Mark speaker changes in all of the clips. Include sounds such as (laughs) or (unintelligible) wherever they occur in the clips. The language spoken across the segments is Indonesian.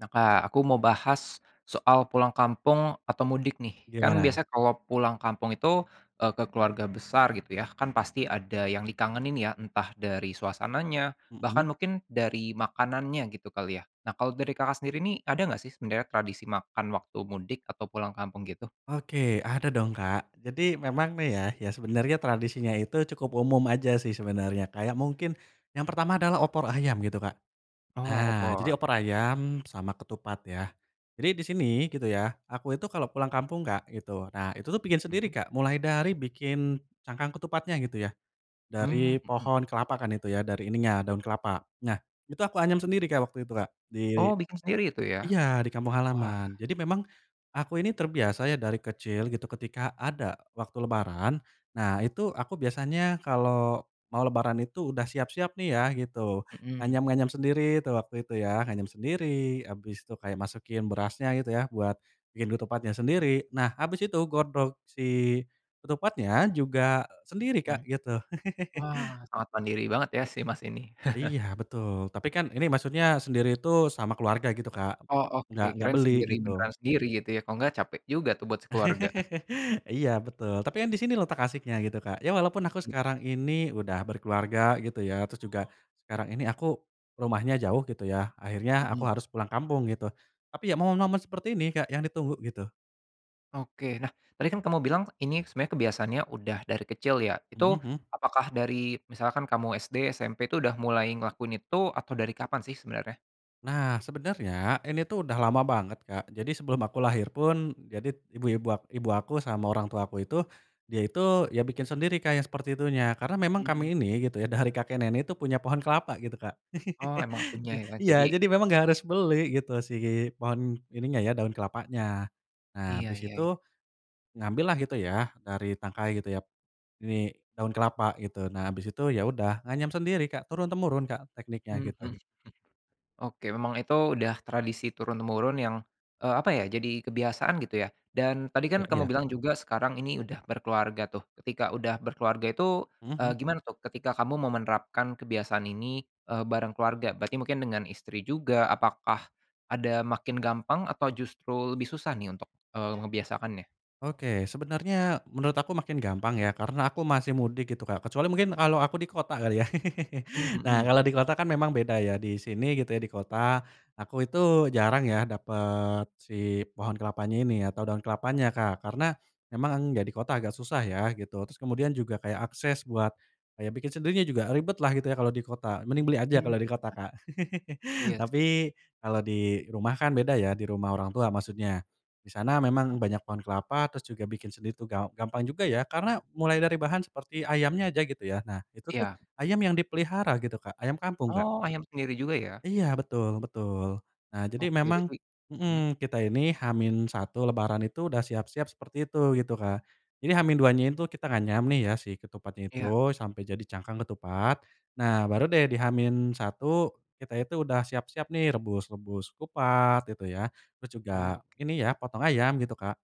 Speaker 1: Nah Kak aku mau bahas, soal pulang kampung atau mudik nih kan
Speaker 2: Gimana?
Speaker 1: biasanya kalau pulang kampung itu, eee, ke keluarga besar gitu ya kan pasti ada yang dikangenin ya entah dari suasananya, bahkan
Speaker 2: Mhm.
Speaker 1: mungkin dari makanannya gitu kali ya, nah kalau dari Kakak sendiri nih ada nggak sih sebenarnya tradisi makan waktu mudik atau pulang kampung gitu?
Speaker 2: Oke ada dong Kak jadi memang nih ya, ya sebenernya tradisinya itu cukup umum aja sih sebenernya kayak mungkin, yang pertama adalah opor ayam gitu Kak.
Speaker 1: Oh
Speaker 2: Nah jadi
Speaker 1: opor.
Speaker 2: opor ayam sama ketupat ya, jadi di sini gitu ya aku itu kalo pulang kampung Kak gitu nah itu tuh bikin sendiri
Speaker 1: Mhm.
Speaker 2: Kak mulai dari bikin cangkang ketupatnya gitu ya,
Speaker 1: Mmm,
Speaker 2: dari
Speaker 1: mhm.
Speaker 2: pohon kelapa kan itu ya dari ininya daun kelapa nah itu aku anyam sendiri Kak waktu itu Kak di
Speaker 1: Oh bikin sendiri itu ya?
Speaker 2: iya di kampung
Speaker 1: Wah.
Speaker 2: halaman jadi memang, aku ini terbiasa ya dari kecil gitu ketika ada waktu lebaran, nah itu aku biasanya kalo mau lebaran itu udah siap-siap nih ya gitu
Speaker 1: Mhm.
Speaker 2: nganyam-nganyam sendiri tuh waktu itu ya nganyam sendiri abis itu kayak masukin berasnya gitu ya buat, bikin ketupatnya sendiri nah abis itu godok si, ketupatnya juga sendiri
Speaker 1: Mhm,
Speaker 2: Kak gitu. (laughs)
Speaker 1: wah sangat mandiri banget ya si Mas ini.
Speaker 2: Iya
Speaker 1: (chuckles)
Speaker 2: betul tapi kan ini maksudnya sendiri itu sama keluarga gitu Kak,
Speaker 1: Oh oke
Speaker 2: nggak nggak
Speaker 1: kirain
Speaker 2: beli
Speaker 1: sendiri
Speaker 2: gitu.
Speaker 1: beneran sendiri gitu ya kalau nggak capek juga tuh buat sekeluarga.
Speaker 2: (laughs) Iya betul tapi kan di sini letak asyiknya gitu Kak ya walaupun aku
Speaker 1: Iya.
Speaker 2: sekarang ini udah berkeluarga gitu ya terus juga, sekarang ini aku, rumahnya jauh gitu ya akhirnya aku
Speaker 1: Mhm.
Speaker 2: harus pulang kampung gitu tapi ya momen-momen seperti ini Kak yang ditunggu gitu.
Speaker 1: Oke nah tadi kan kamu bilang ini sebenarnya kebiasaannya udah dari kecil ya
Speaker 2: Mhm
Speaker 1: itu
Speaker 2: mhm.
Speaker 1: apakah dari misalkan kamu SD SMP itu udah mulai ngelakuin itu atau dari kapan sih sebenarnya?
Speaker 2: Nah, sebenernya ini tuh udah lama banget Kak jadi sebelum aku lahir pun jadi ibu-ibu ak ibu aku sama orang tua aku itu, dia itu ya bikin sendiri Kak yang seperti itunya karena memang
Speaker 1: Mhm.
Speaker 2: kami ini gitu ya dari kakek nenek tuh punya pohon kelapa gitu Kak,
Speaker 1: Oh emang
Speaker 2: (laughs)
Speaker 1: punya
Speaker 2: i
Speaker 1: ya jadi
Speaker 2: iya jadi memang
Speaker 1: (unintelligible)
Speaker 2: gak harus beli gitu si
Speaker 1: Mhm.
Speaker 2: pohon ininya ya daun kelapanya, nah
Speaker 1: Iya
Speaker 2: habis
Speaker 1: iya iya.
Speaker 2: itu. Ngambil lah gitu ya dari tangkai gitu ya, ini daun kelapa gitu nah habis itu ya udah nganyam sendiri Kak turun-temurun Kak tekniknya
Speaker 1: Mmm, mhm
Speaker 2: gitu.
Speaker 1: mhm, oke memang itu udah tradisi turun-temurun yang, eee, apa ya jadi kebiasaan gitu ya dan tadi
Speaker 2: Iya
Speaker 1: kan kamu
Speaker 2: iya.
Speaker 1: bilang juga sekarang ini udah berkeluarga tuh ketika udah berkeluarga itu,
Speaker 2: Mhm
Speaker 1: eee,
Speaker 2: mhm.
Speaker 1: gimana tuh ketika kamu mau menerapkan kebiasaan ini, eee, bareng keluarga berarti mungkin dengan istri juga apakah, ada makin gampang atau justru lebih susah nih untuk, eee, ngebiasakannya?
Speaker 2: Oke sebenarnya menurut aku makin gampang ya karena aku masih mudik gitu Kak kecuali mungkin kalau aku di kota kali ya,
Speaker 1: Mmm,
Speaker 2: (laughs) nah
Speaker 1: mhm.
Speaker 2: kalo di kota kan memang beda ya di sini gitu ya di kota, aku itu jarang ya dapet si pohon kelapanya ini atau daun kelapanya Kak karena, emang ya di kota agak susah ya gitu terus kemudian juga kayak akses buat, kayak bikin sendirinya juga ribet lah gitu ya kalo di kota mending beli aja kalo di kota
Speaker 1: (unintelligible)
Speaker 2: Kak (laughs)
Speaker 1: Iya sih.
Speaker 2: tapi kalo di rumah kan beda ya di rumah orang tua maksudnya, di sana memang banyak pohon kelapa terus juga bikin sendiri tuh gam gampang juga ya karena mulai dari bahan seperti ayamnya aja gitu ya nah itu tuh
Speaker 1: Iya.
Speaker 2: ayam yang dipelihara gitu Kak ayam kampung Kak.
Speaker 1: Oh ayam sendiri juga ya.
Speaker 2: Iya betul betul, nah jadi
Speaker 1: Oke
Speaker 2: memang,
Speaker 1: berarti mhm.
Speaker 2: mhm, kita ini H-1 lebaran itu udah siap-siap seperti itu gitu Kak, jadi H-2-nya itu kita nganyam nih ya si ketupatnya
Speaker 1: Iya.
Speaker 2: itu sampai jadi cangkang ketupat, nah baru deh di H-1 kita itu udah siap-siap nih rebus-rebus kupat gitu ya terus juga
Speaker 1: Oke.
Speaker 2: ini ya potong ayam gitu Kak,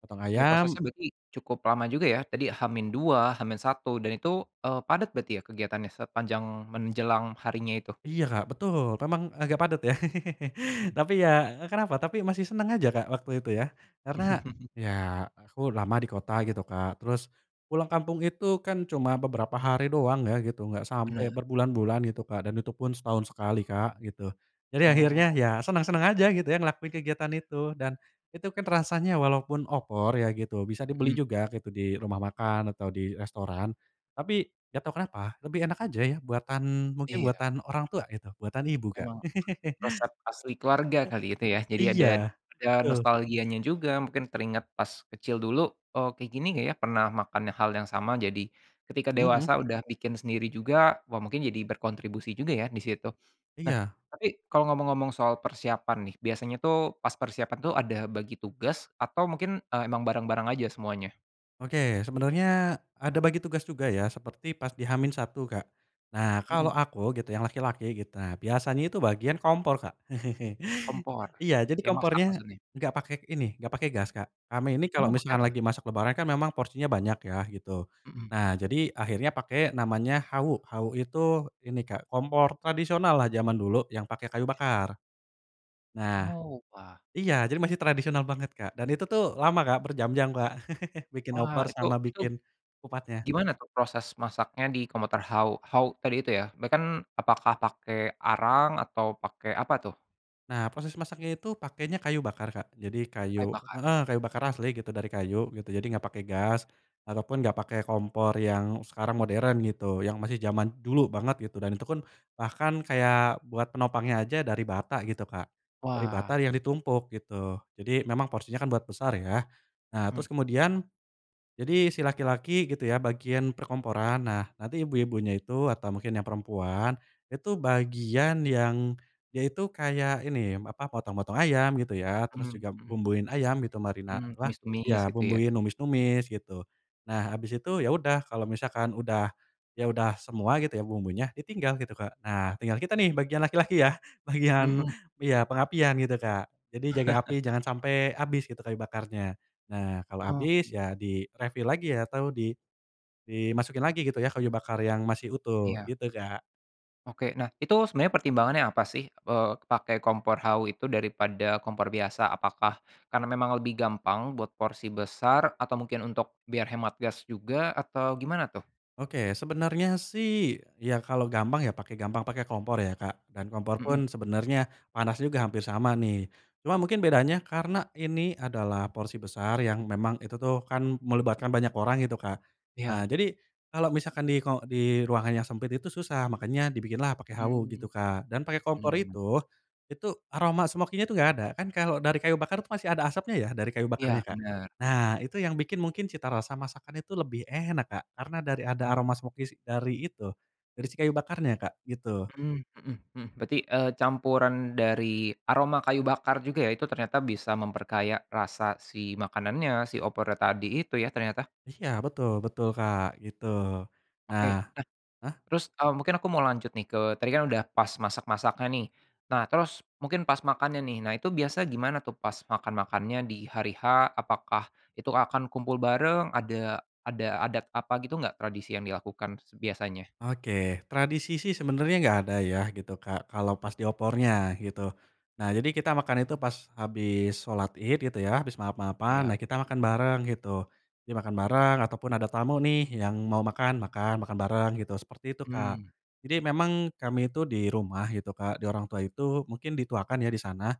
Speaker 2: potong
Speaker 1: Oke
Speaker 2: ayam.
Speaker 1: prosesnya berarti cukup lama juga ya tadi H-2 H-1 dan itu, eee, padat berarti ya kegiatannya sepanjang menjelang harinya itu?
Speaker 2: Iya Kak betul memang agak padat ya, (laughs)
Speaker 1: Mhm.
Speaker 2: tapi ya kenapa tapi masih seneng aja Kak waktu itu ya, karena
Speaker 1: (chuckles)
Speaker 2: ya aku lama di kota gitu Kak terus, pulang kampung itu kan cuma beberapa hari doang ya gitu nggak sampe
Speaker 1: Bener.
Speaker 2: berbulan-bulan gitu Kak dan itu pun setahun sekali Kak gitu, jadi akhirnya
Speaker 1: Oh.
Speaker 2: ya senang-senang aja gitu ya ngelakuin kegiatan itu dan, itu kan rasanya walaupun opor ya gitu bisa dibeli
Speaker 1: Mhm.
Speaker 2: juga gitu di rumah makan atau di restoran, tapi gak tau kenapa lebih enak aja ya buatan mungkin
Speaker 1: Iya.
Speaker 2: buatan orang tua gitu buatan ibu Kak.
Speaker 1: Emang,
Speaker 2: (laughs)
Speaker 1: resep asli keluarga kali itu ya jadi ada
Speaker 2: Iya
Speaker 1: ada
Speaker 2: betul.
Speaker 1: nostalgianya juga mungkin teringat pas kecil dulu, eee, kayak gini ya pernah makan hal yang sama jadi, ketika
Speaker 2: Mhm.
Speaker 1: dewasa udah bikin sendiri juga wah mungkin jadi berkontribusi juga ya di situ, nah
Speaker 2: Iya.
Speaker 1: tapi kalau ngomong-ngomong soal persiapan nih biasanya tuh pas persiapan tuh ada bagi tugas atau mungkin, eee, emang bareng-bareng aja semuanya?
Speaker 2: Oke sebenernya ada bagi tugas juga ya seperti pas di H-1 Kak, nah kalo
Speaker 1: Mhm.
Speaker 2: aku gitu yang laki-laki gitu biasanya itu bagian kompor Kak, (chuckles)
Speaker 1: Kompor,
Speaker 2: iya jadi
Speaker 1: yang masak
Speaker 2: kompornya,
Speaker 1: maksudnya?
Speaker 2: gak pake ini, gak pake gas Kak kami ini kalo
Speaker 1: Oh pakai
Speaker 2: misalkan
Speaker 1: apa?
Speaker 2: lagi masak lebaran kan memang porsinya banyak ya gitu,
Speaker 1: Mhm.
Speaker 2: nah jadi akhirnya pake namanya hawu, hawu itu ini Kak kompor tradisional lah jaman dulu yang pake kayu
Speaker 1: (unintelligible)
Speaker 2: bakar. Nah
Speaker 1: Oh wah.
Speaker 2: iya jadi masih tradisional banget Kak dan itu tuh lama Kak berjam-jam Kak, (chuckles) bikin
Speaker 1: Wah
Speaker 2: opor
Speaker 1: itu
Speaker 2: sama
Speaker 1: itu.
Speaker 2: bikin, kupatnya.
Speaker 1: Gimana tuh proses masaknya di kompor hawu hawu tadi itu ya (unintelligible) kan apakah pakai arang atau pakai apa tuh?
Speaker 2: Nah posisi masaknya itu pakenya kayu bakar Kak jadi
Speaker 1: Kayu
Speaker 2: kayu
Speaker 1: bakar.
Speaker 2: heeh, kayu bakar asli gitu dari kayu gitu jadi nggak pake gas, ataupun gak pake kompor yang sekarang modern gitu yang masih jaman dulu banget gitu dan itu pun, bahkan kayak buat penopangnya aja dari bata gitu Kak, dari bata
Speaker 1: Wah.
Speaker 2: yang ditumpuk gitu jadi memang porsinya kan buat besar ya, nah terus
Speaker 1: Mhm.
Speaker 2: kemudian jadi si laki-laki gitu ya bagian perkomporan nah nanti ibu-ibunya itu atau mungkin yang perempuan, itu bagian yang, ya itu kayak ini apa potong-potong ayam gitu ya terus
Speaker 1: Mmm,
Speaker 2: juga
Speaker 1: mhm.
Speaker 2: bumbuin ayam gitu marina
Speaker 1: Mmm,
Speaker 2: lah,
Speaker 1: tumis-tumis
Speaker 2: ya
Speaker 1: gitu ya.
Speaker 2: bumbuin numis-numis gitu, nah abis itu ya udah kalo misalkan udah ya udah semua gitu ya bumbunya ditinggal gitu Kak nah tinggal kita nih bagian laki-laki ya, bagian
Speaker 1: Mhm.
Speaker 2: iya pengapian gitu Kak jadi jaga api
Speaker 1: (chuckles)
Speaker 2: jangan sampe abis gitu kayu bakarnya, nah kalo abis
Speaker 1: Oke.
Speaker 2: ya di-refill lagi ya atau di dimasukin lagi gitu ya kayu bakar yang masih utuh
Speaker 1: Iya.
Speaker 2: gitu Kak.
Speaker 1: Oke nah itu sebenarnya pertimbangannya apa sih, eee, pakai kompor hawu itu daripada kompor biasa apakah, karena memang lebih gampang buat porsi besar atau mungkin untuk biar hemat gas juga atau gimana tuh?
Speaker 2: Oke sebenernya sih ya kalo gampang ya pake gampang pake kompor ya Kak dan kompor
Speaker 1: Mhm.
Speaker 2: pun sebenernya panasnya juga hampir sama nih, cuma mungkin bedanya karena ini adalah porsi besar yang memang itu tuh kan melibatkan banyak orang gitu Kak, eee,
Speaker 1: Iya.
Speaker 2: jadi, kalo misalkan di ke di ruangan yang sempit itu susah makanya dibikinlah pake hawu gitu
Speaker 1: Mmm,
Speaker 2: Kak dan pake kompor
Speaker 1: mmm.
Speaker 2: itu, itu aroma smoky-nya tuh gak ada kan kalo dari kayu bakar tuh masih ada asapnya ya dari kayu
Speaker 1: Iya
Speaker 2: bakarnya Kak,
Speaker 1: bener.
Speaker 2: nah itu yang bikin mungkin cita rasa masakan itu lebih enak Kak karena dari ada
Speaker 1: Oh.
Speaker 2: aroma smoky dari itu, dari si kayu bakarnya Kak gitu.
Speaker 1: Mhm mhm mhm, berarti, eee, campuran dari aroma kayu bakar juga ya itu ternyata bisa memperkaya rasa si makanannya si opornya tadi itu ya ternyata?
Speaker 2: Iya betul betul Kak gitu, nah
Speaker 1: Oke nah,
Speaker 2: hah?
Speaker 1: terus, eee, mungkin aku mau lanjut nih ke tadi kan udah pas masak-masaknya nih, nah terus mungkin pas makannya nih nah itu biasa gimana tuh pas makan-makannya di hari H apakah, itu akan kumpul bareng ada ada adat apa gitu enggak tradisi yang dilakukan biasanya?
Speaker 2: Oke, tradisi sih sebenernya nggak ada ya gitu Kak kalau pas di opornya gitu, nah jadi kita makan itu pas habis sholat ied gitu ya habis maaf-maafan
Speaker 1: Iya.
Speaker 2: nah kita makan bareng gitu, dimakan bareng ataupun ada tamu nih yang mau makan, makan, makan bareng gitu seperti itu Kak,
Speaker 1: Mmm.
Speaker 2: jadi memang kami itu di rumah gitu Kak di orang tua itu mungkin dituakan ya di sana,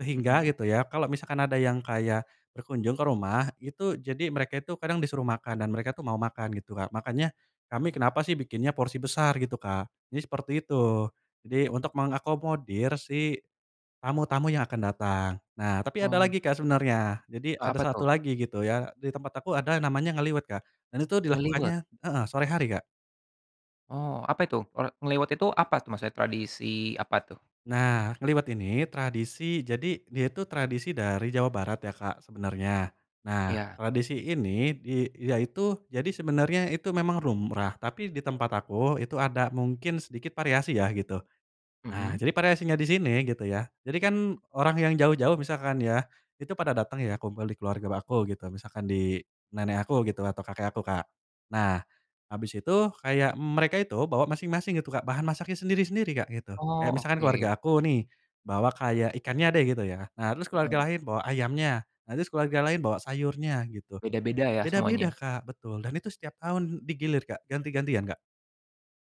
Speaker 2: sehingga
Speaker 1: Mhm.
Speaker 2: gitu ya kalo misalkan ada yang kayak, berkunjung ke rumah itu jadi mereka itu kadang disuruh makan dan mereka tuh mau makan gitu Kak makanya, kami
Speaker 1: Mmm.
Speaker 2: kenapa sih bikinnya porsi besar gitu Kak jadi seperti itu, jadi untuk
Speaker 1: Oke.
Speaker 2: mengakomodir si, tamu-tamu yang akan datang nah tapi ada
Speaker 1: Oh.
Speaker 2: lagi Kak sebenernya jadi
Speaker 1: Eee,
Speaker 2: ada
Speaker 1: apa tuh?
Speaker 2: 1 lagi gitu ya di tempat aku ada namanya ngeliwet Kak dan itu
Speaker 1: Ngeliwet?
Speaker 2: dilakukannya heeh, sore hari Kak.
Speaker 1: Oh apa itu? Eee, ngeliwet itu apa tuh maksudnya tradisi apa tuh?
Speaker 2: Nah ngeliwet ini tradisi jadi dia itu tradisi dari Jawa Barat ya Kak sebenernya, nah
Speaker 1: Iya.
Speaker 2: tradisi ini dia itu jadi sebenernya itu memang lumrah tapi di tempat aku itu ada mungkin sedikit variasi ya gitu, nah
Speaker 1: Mhm.
Speaker 2: jadi variasinya di sini gitu ya jadi kan orang yang jauh-jauh misalkan ya, itu pada dateng ya kumpul di keluarga aku gitu misalkan di, nenek aku gitu atau kakek aku Kak, nah, habis itu kayak mereka itu bawa masing-masing gitu Kak bahan masaknya sendiri-sendiri Kak gitu kayak
Speaker 1: Oh
Speaker 2: misalkan keluarga
Speaker 1: oke.
Speaker 2: aku nih, bawa kayak ikannya deh gitu ya nah terus
Speaker 1: Mhm.
Speaker 2: keluarga lain bawa ayamnya, nah terus keluarga lain bawa sayurnya gitu,
Speaker 1: Beda-beda ya
Speaker 2: beda-beda
Speaker 1: semuanya.
Speaker 2: Kak betul dan itu setiap tahun di gilir Kak ganti-gantian Kak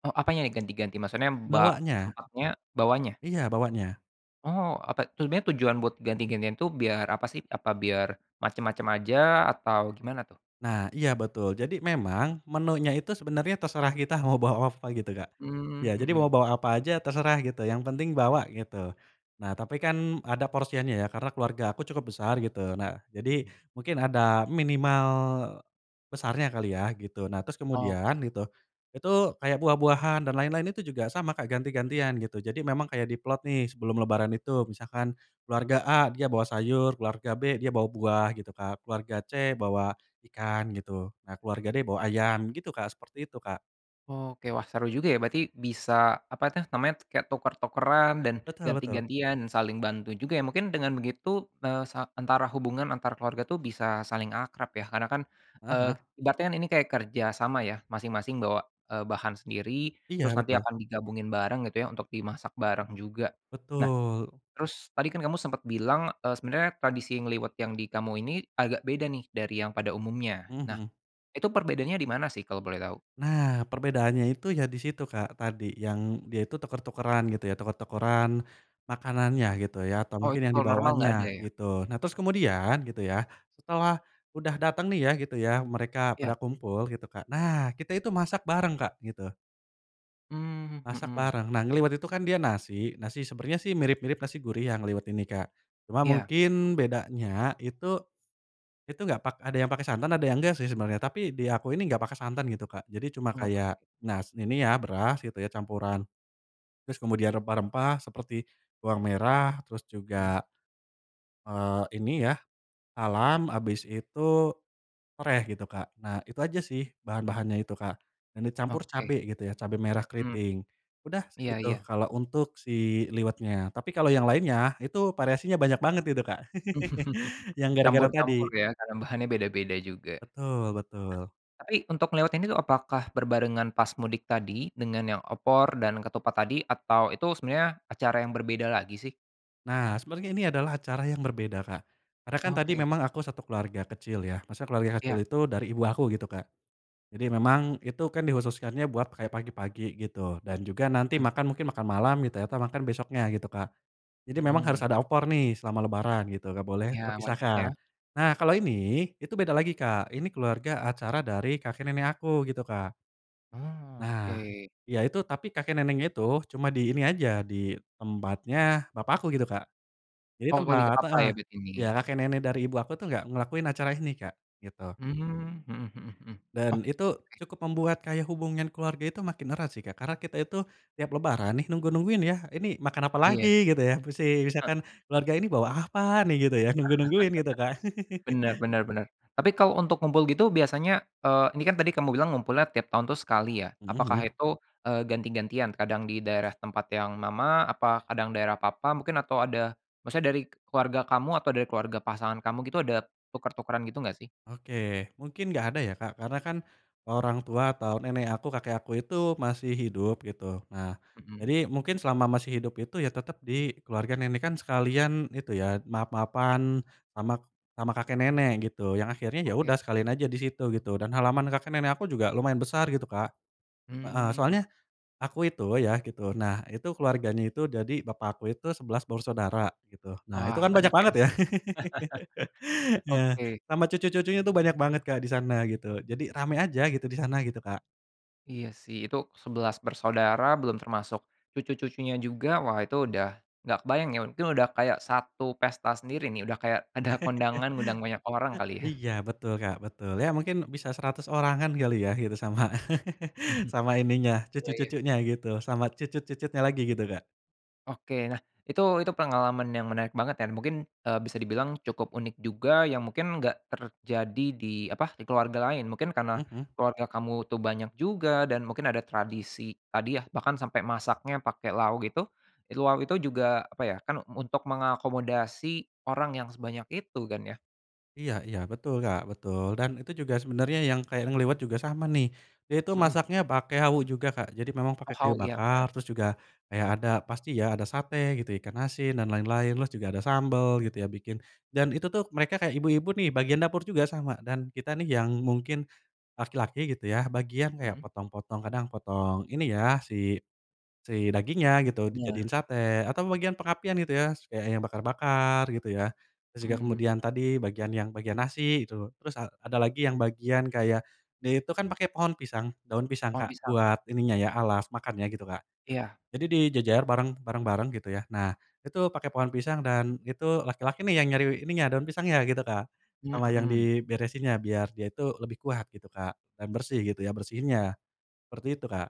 Speaker 1: Oh apanya nih ganti-ganti maksudnya ba
Speaker 2: bawanya.
Speaker 1: tempatnya bawahnya?
Speaker 2: Iya bawanya.
Speaker 1: Oh apa sebenernya tujuan buat ganti-gantian itu biar apa sih? Apa biar, macam-macam aja atau gimana tuh?
Speaker 2: Nah iya betul jadi memang menunya itu sebenernya terserah kita mau bawa apa gitu Kak,
Speaker 1: Mmm,
Speaker 2: ya jadi
Speaker 1: mhm.
Speaker 2: bawa-bawa apa aja terserah gitu yang penting bawa gitu, nah tapi kan ada porsiannya ya karena keluarga aku cukup besar gitu nah jadi
Speaker 1: Mhm.
Speaker 2: mungkin ada minimal, besarnya kali ya gitu nah terus kemudian
Speaker 1: Oke.
Speaker 2: gitu, itu kayak buah-buahan dan lain-lain itu juga sama Kak ganti-gantian gitu jadi memang kayak diplot nih sebelum lebaran itu misalkan, keluarga A dia bawa sayur, keluarga B dia bawa buah gitu, Kak keluarga C bawa ikan gitu, nah keluarga D bawa ayam gitu Kak, seperti itu Kak.
Speaker 1: Oke wah seru juga ya berarti bisa apa tuh namanya kayak tuker-tukeran dan
Speaker 2: Betul betul.
Speaker 1: ganti-gantian dan saling bantu juga ya mungkin dengan begitu, eee, sa antara hubungan antar keluarga tuh bisa saling akrab ya karena kan,
Speaker 2: Heeh
Speaker 1: eee,
Speaker 2: heeh.
Speaker 1: ibaratnya ini kayak kerjasama ya masing-masing bawa, eee, bahan sendiri,
Speaker 2: Iya
Speaker 1: terus nanti
Speaker 2: betul.
Speaker 1: akan digabungin bareng gitu ya untuk dimasak bareng juga, nah,
Speaker 2: Betul.
Speaker 1: terus tadi kan kamu sempet bilang, eee, sebenarnya tradisi ngeliwet yang di kamu ini agak beda nih dari yang pada umumnya
Speaker 2: Heeh
Speaker 1: nah,
Speaker 2: heeh.
Speaker 1: itu perbedaannya di mana sih kalau boleh tahu?
Speaker 2: Nah perbedaannya itu ya di situ Kak tadi yang dia itu tuker-tukeran gitu ya tuker-tukeran, makanannya gitu ya atau
Speaker 1: Oh
Speaker 2: mungkin
Speaker 1: itu
Speaker 2: yang
Speaker 1: kalau normal
Speaker 2: dibawanya
Speaker 1: nggak ada ya?
Speaker 2: gitu, nah terus kemudian gitu ya, setelah, udah datang nih ya gitu ya mereka pada
Speaker 1: Iya.
Speaker 2: kumpul gitu Kak nah kita itu masak bareng Kak gitu.
Speaker 1: Mmm,
Speaker 2: Masak
Speaker 1: mhm.
Speaker 2: bareng nah ngeliwet itu kan dia nasi nasi sebenernya sih mirip-mirip nasi gurih yang ngeliwet ini Kak, cuma
Speaker 1: Iya.
Speaker 2: mungkin bedanya itu, itu gak pak ada yang pake santan ada yang gak sih sebenernya tapi di aku ini gak pake santan gitu Kak jadi
Speaker 1: Oh
Speaker 2: cuma
Speaker 1: enggak
Speaker 2: kayak,
Speaker 1: pake.
Speaker 2: nas ini ya beras gitu ya campuran, terus kemudian rempah-rempah seperti bawang merah terus
Speaker 1: Mhm.
Speaker 2: juga, eee, ini ya, salam abis itu, sereh gitu Kak nah itu aja sih bahan-bahannya itu Kak, dan dicampur
Speaker 1: Oke.
Speaker 2: cabe gitu ya cabe merah
Speaker 1: Mmm,
Speaker 2: keriting, udah
Speaker 1: iya
Speaker 2: segitu
Speaker 1: iya.
Speaker 2: kalo untuk si liwetnya tapi kalo yang lainnya itu variasinya banyak banget gitu Kak
Speaker 1: (chuckles)
Speaker 2: (laughs) yang gara-gara
Speaker 1: Campur-campur
Speaker 2: tadi.
Speaker 1: ya karena bahannya beda-beda juga.
Speaker 2: Betul betul.
Speaker 1: Ah, tapi untuk ngeliwet ini tuh apakah berbarengan pas mudik tadi dengan yang opor dan ketupat tadi atau itu sebenarnya acara yang berbeda lagi sih?
Speaker 2: Nah sebenernya ini adalah acara yang berbeda Kak, karena kan tadi
Speaker 1: Oke.
Speaker 2: memang aku 1 keluarga kecil ya maksudnya keluarga kecil
Speaker 1: Iya.
Speaker 2: itu dari ibu aku gitu Kak, jadi memang itu kan dikhususkannya buat kayak pagi-pagi gitu dan juga nanti
Speaker 1: Mmm.
Speaker 2: makan mungkin makan malam gitu ya atau makan besoknya gitu Kak, jadi memang harus
Speaker 1: Mhm.
Speaker 2: ada opor nih selama lebaran gitu gak boleh
Speaker 1: Iya wajib ya.
Speaker 2: terpisahkan, nah kalau ini itu beda lagi Kak ini keluarga acara dari kakek nenek aku gitu Kak.
Speaker 1: Mmm,
Speaker 2: Nah,
Speaker 1: oke.
Speaker 2: iya itu tapi kakek neneknya itu cuma di ini aja di tempatnya bapak aku gitu Kak, jadi
Speaker 1: Oh kalau lagi ke
Speaker 2: tempat
Speaker 1: papa
Speaker 2: heeh,
Speaker 1: ya berarti
Speaker 2: ya
Speaker 1: ini?
Speaker 2: kakek nenek dari ibu aku tuh nggak ngelakuin acara ini Kak gitu.
Speaker 1: Mmm. Heeh heeh heeh, oh
Speaker 2: Dan itu
Speaker 1: oke.
Speaker 2: cukup membuat kayak hubungan keluarga itu makin erat sih Kak karena kita itu, tiap lebaran nih nunggu-nungguin ya ini makan apalagi
Speaker 1: Iya.
Speaker 2: gitu ya? Musi
Speaker 1: Heeh.
Speaker 2: misalkan keluarga ini bawa apa nih gitu ya nunggu-nungguin gitu Kak. (laughs)
Speaker 1: (chuckles) Bener bener benerm tapi kalau untuk ngumpul gitu biasanya, eee, ini kan tadi kamu bilang ngumpulnya tiap tahun tuh sekali ya
Speaker 2: Mhm
Speaker 1: apakah
Speaker 2: mhm.
Speaker 1: itu, eee, ganti-gantian kadang di daerah tempat yang mama apa kadang daerah papa mungkin atau ada maksudnya dari keluarga kamu atau dari keluarga pasangan kamu gitu ada tuker-tukeran gitu nggak sih?
Speaker 2: Oke mungkin nggak ada ya Kak karena kan, orang tua atau nenek aku kakek aku itu masih hidup gitu nah,
Speaker 1: Mhm.
Speaker 2: jadi mungkin selama masih hidup itu ya tetep di keluarga nenek kan sekalian itu ya maaf-maafan, sama sama kakek nenek gitu yang akhirnya ya
Speaker 1: Oke.
Speaker 2: udah sekalian aja di situ gitu dan halaman kakek nenek aku juga lumayan besar gitu Kak, heeh,
Speaker 1: Mmm, he
Speaker 2: soalnya, aku itu ya gitu nah itu keluarganya itu jadi bapak aku itu 11 bersaudara gitu nah itu
Speaker 1: Wah
Speaker 2: kan banyak
Speaker 1: banyak ya?
Speaker 2: banget
Speaker 1: (chuckles)
Speaker 2: ya, (laughs) nah
Speaker 1: Oke.
Speaker 2: sama cucu-cucunya tuh banyak banget Kak di sana gitu jadi rame aja gitu di sana gitu Kak.
Speaker 1: Iya sih itu 11 bersaudara belum termasuk, cucu-cucunya juga wah itu udah, nggak kebayang ya mungkin udah kayak satu pesta sendiri nih udah kayak ada kondangan ngundang banyak orang
Speaker 2: (laughs)
Speaker 1: kali ya.
Speaker 2: Iya betul Kak betul ya mungkin bisa 100 orangan kali ya gitu sama (chuckles)
Speaker 1: (chuckles)
Speaker 2: sama ininya
Speaker 1: Oh iya.
Speaker 2: cucu-cucunya gitu sama cucut-cucutnya lagi gitu Kak.
Speaker 1: Oke nah itu itu pengalaman yang menarik banget dan mungkin, eee, bisa dibilang cukup unik juga yang mungkin enggak terjadi di apa di keluarga lain mungkin karena,
Speaker 2: Mhm.
Speaker 1: keluarga kamu tuh banyak juga dan mungkin ada tradisi tadi ya bahkan sampai masaknya pakai lau gitu, itu lau juga apa ya kan untuk mengakomodasi orang yang sebanyak itu kan ya.
Speaker 2: Iya iya betul Kak betul dan itu juga sebenernya yang kayak ngeliwet juga sama nih, dia itu
Speaker 1: Mhm.
Speaker 2: masaknya pake hawu juga Kak jadi memang pake
Speaker 1: Oh
Speaker 2: kayu
Speaker 1: hawu iya bener.
Speaker 2: bakar terus juga, kayak ada pasti ya ada sate gitu ikan asin dan lain-lain terus juga ada sambel gitu ya bikin, dan itu tuh mereka kayak ibu-ibu nih bagian dapur juga sama dan kita nih yang mungkin, laki-laki gitu ya bagian kayak
Speaker 1: Mhm.
Speaker 2: potong-potong kadang potong ini ya si si dagingnya gitu
Speaker 1: Bener.
Speaker 2: dijadiin sate atau bagian pengapian gitu ya setidaknya bakar-bakar gitu ya, terus juga
Speaker 1: Mmm.
Speaker 2: kemudian tadi bagian yang bagian nasi gitu terus a ada lagi yang bagian kayak, dia itu kan pake pohon pisang daun pisang
Speaker 1: Pohon
Speaker 2: Kak
Speaker 1: pisang.
Speaker 2: buat ininya ya alas makan ya gitu Kak,
Speaker 1: Iya.
Speaker 2: jadi dijejer bareng bareng-bareng gitu ya nah itu pake pohon pisang dan itu laki-laki nih yang nyari ininya daun pisangnya gitu Kak,
Speaker 1: Mmm,
Speaker 2: sama yang
Speaker 1: mhm.
Speaker 2: diberesinnya biar dia itu lebih kuat gitu Kak dan bersih gitu ya bersihinnya, seperti itu Kak.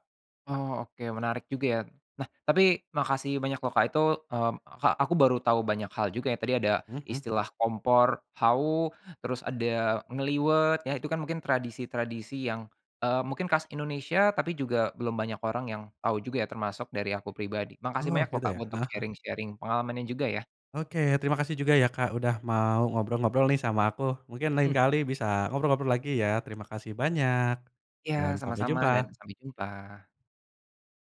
Speaker 1: Oh oke menarik juga ya, nah tapi makasih banyak loh Kak itu, mmm, Kak aku baru tahu banyak hal juga ya tadi ada
Speaker 2: Heeh heeh.
Speaker 1: istilah kompor hawu terus ada ngeliwet ya itu kan mungkin tradisi-tradisi yang, eee, mungkin khas Indonesia tapi juga belum banyak orang yang tahu juga ya termasuk dari aku pribadi makasih banyak
Speaker 2: Oke
Speaker 1: loh Kak
Speaker 2: deh,
Speaker 1: untuk
Speaker 2: heeh heeh.
Speaker 1: sharing-sharing pengalamannya juga ya.
Speaker 2: Oke terima kasih juga ya Kak udah mau ngobrol-ngobrol nih sama aku mungkin lain
Speaker 1: Mmm.
Speaker 2: kali bisa ngobrol-ngobrol lagi ya terima kasih banyak, dan
Speaker 1: Ya
Speaker 2: sampai
Speaker 1: sama-sama dan
Speaker 2: jumpa.
Speaker 1: sampai jumpa.